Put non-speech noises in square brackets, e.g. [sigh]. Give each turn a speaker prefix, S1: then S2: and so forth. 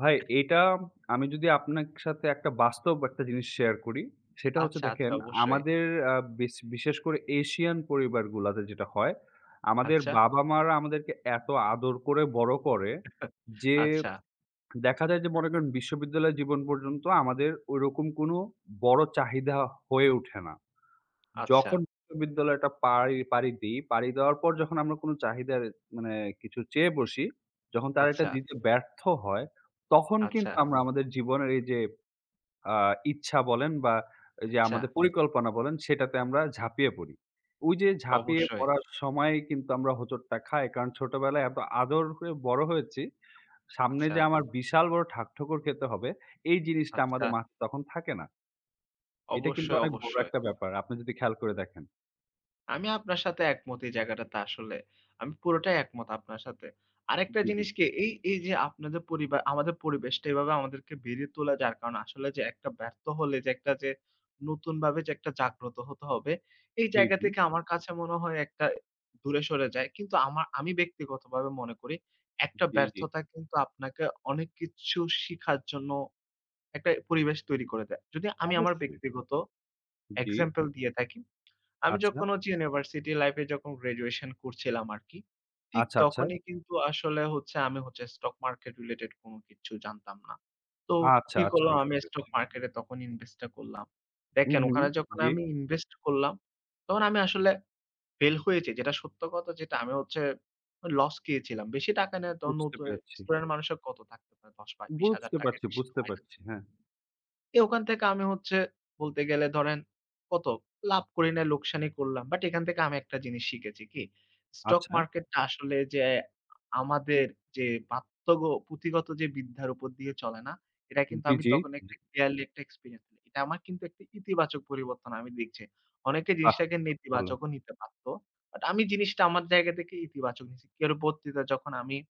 S1: ভাই, এটা আমি যদি আপনাক সাথে একটা বাস্তব একটা জিনিস শেয়ার করি, সেটা হচ্ছে
S2: আচ্ছা, আচ্ছা
S1: দেখেন
S2: অবশ্যই।
S1: আমাদের আ বিশ বিশেষ করে এশিয়ান পরিবারগুলোতে যেটা হয়। আমাদের
S2: আচ্ছা।
S1: বাবা-মারা আমাদেরকে এত আদর করে বড় করে,
S2: [chuckles]
S1: যে
S2: আচ্ছা।
S1: দেখা যায় যে মনে করেন বিশ্ববিদ্যালয় জীবন পর্যন্ত আমাদের ওই রকম কোন বড় চাহিদা হয়ে ওঠে না।
S2: আচ্ছা।
S1: যখন বিশ্ববিদ্যালয়টা পাড়ি পাড়ি দিই। পাড়ি দেওয়ার পর যখন আমরা কোন চাহিদার মানে কিছু চেয়ে বসি, যখন তারা এটা
S2: আচ্ছা।
S1: দিতে ব্যর্থ হয়, তখন
S2: আচ্ছা।
S1: কিন্তু আমরা আমাদের জীবনের এই যে আ ইচ্ছা বলেন বা এই যে
S2: আচ্ছা।
S1: আমাদের পরিকল্পনা বলেন সেটাতে আমরা ঝাঁপিয়ে পড়ি। ওই যে ঝাঁপিয়ে
S2: অবশ্যই।
S1: পড়ার সময় কিন্তু আমরা হোঁচটটা খাই। কারণ ছোটবেলায় এত আদর করে বড় হয়েছি। সামনে
S2: আচ্ছা।
S1: যে আমার বিশাল বড় ঠাক ঠোকর খেতে হবে, এই জিনিসটা
S2: আচ্ছা।
S1: আমাদের মাথায় তখন থাকে না। এটা কিন্তু
S2: অবশ্যই,
S1: অনেক বড়
S2: অবশ্যই।
S1: একটা ব্যাপার। আপনি যদি খেয়াল করে দেখেন।
S2: আমি আপনার সাথে একমত এই জায়গাটাতে আসলে। আমি পুরোটাই একমত আপনার সাথে। আরেকটা
S1: জি, জি।
S2: জিনিস কি, এই, এই যে আপনাদের পরিবার আমাদের পরিবেশটা এভাবে আমাদেরকে বেরিয়ে তুলে যার কারণে আসলে যে একটা ব্যর্থ হলে, যে একটা যে নতুনভাবে যে একটা জাগ্রত হতে হবে। এই
S1: জি,
S2: জায়গা
S1: জি।
S2: থেকে আমার কাছে মনে হয় একটা দূরে সরে যায়। কিন্তু আমা আমি ব্যক্তিগতভাবে মনে করি একটা
S1: জি, জি।
S2: ব্যর্থতা কিন্তু আপনাকে অনেক কিছু শিখার জন্য একটা পরিবেশ তৈরি করে দেয়। যদি আমি আমার
S1: অবশ্যই।
S2: ব্যক্তিগত
S1: জি।
S2: example দিয়ে থাকি, আমি
S1: আচ্ছা।
S2: যখন হচ্ছে University life এ যখন graduation করছিলাম আর কি, ঠিক
S1: আচ্ছা, আচ্ছা।
S2: তখনই কিন্তু আসলে হচ্ছে আমি হচ্ছে stock market related কোন কিছু জানতাম না। তো
S1: আচ্ছা,
S2: কি
S1: আচ্ছা
S2: করলাম,
S1: বুঝতে
S2: আমি stock
S1: পারছি।
S2: market এ তখন invest টা করলাম।
S1: হুম,
S2: দেখেন,
S1: হুম।
S2: ওখানে যখন
S1: জি।
S2: আমি invest করলাম তখন আমি আসলে fail হয়েছি। যেটা সত্য কথা যেটা আমি হচ্ছে loss খেয়েছিলাম। বেশি টাকা না, তখন
S1: বুঝতে
S2: নতুন
S1: পারছি।
S2: student মানুষের কত থাকতে পারে? ১০ বা ২০ হাজার
S1: বুঝতে
S2: টাকার
S1: পারছি,
S2: বেশি তো
S1: বুঝতে
S2: হয় না।
S1: পারছি, হ্যাঁ।
S2: তো ওখান থেকে আমি হচ্ছে বলতে গেলে ধরেন কত, লাভ করি নাই, লোকসানই করলাম। But এখান থেকে আমি একটা জিনিস শিখেছি কি, stock
S1: আচ্ছা।
S2: market টা আসলে যে আমাদের পাঠ্য যে পুথিগত যে বিধ্যার উপর দিয়ে চলে না? এটা কিন্তু
S1: জি,
S2: আমি তখন
S1: জি।
S2: একটা clearly একটা experience পেলাম। এটা আমার কিন্তু একটি ইতিবাচক পরিবর্তন আমি দেখছি। অনেকে
S1: আহ!
S2: জিনিসটাকে
S1: ভালো।
S2: নেতিবাচকও নিতে পারত। But আমি জিনিসটা আমার জায়গা থেকে ইতিবাচক নিছি। এর পরবর্তীতে যখন আমি